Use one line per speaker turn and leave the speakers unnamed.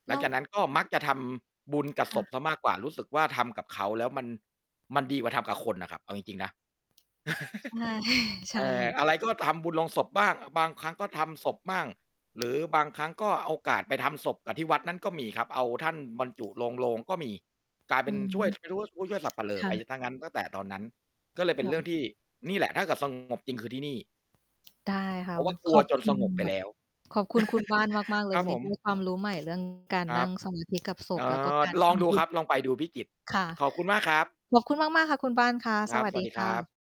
ห
แ
ล
ล
ัง
้ว
จากนั้นก็มักจะทำบุญกับ
ค่
ศพ
ะ
เสียมากกว่า รู้สึกว่า ทำกับเขาแล้วมัน มันดีกว่าทำกับคนน่ะครับ เอาจริง ๆ นะ
อา ใช
เ
่
อ
ค่
อ
ะ
อะไรก็ ทำบุญโลงศพบ้าง บางครั้งก็ทำศพบ้าง หรือบางครั้งก็โอกาสไปทำศพกับที่วัดนั้นก็มีครับ เอาท่านบรรจุลงโลงก็มี กลาย
อ
เป
ื
็น
ม
ช่วย [unintelligible] ไม่รู้ ผู้ช่วยสัปเหร่
ค
อ
่
ไปเสี
ะ
ยงั้น ตั้งแต่ตอนนั้น ก็เลย
โ
เ
อ
ป็นเรื่
้
องที่ นี่แหละถ้าเกิด สงบ จริงคือที่นี่
ได้ค่ะ
เพราะ
ว
ว่า ก
ข
ลัว
อบ
จ
ค
น
ุ
ส
ณ
งบไป
ม
แล้ว
ขอบคุณคุณบ้านมาก ๆ เลย
ครั
ว
บ
ัน
ผ
นี้
ม
ได้ความรู้ใหม่ เรื่อง การ
คร
นั
ั
่
บ
ง สมาธิ กับศ
เ
พ
อ
แล้วก็
อ
การ
ล
ท
องด
ำ
ู
บุ
ค
ญ
รับ ลองไปดู พิจิตร
ค่ะ
ขอบคุณมากครับ
ขอบคุณมาก ๆ ค่ะ คุณบ้านค่ะ
คร
ส
ับ
วั
ส
ส
ว
ด
ัส
ี
ดี
ค
คร
่
ั
ะ
บ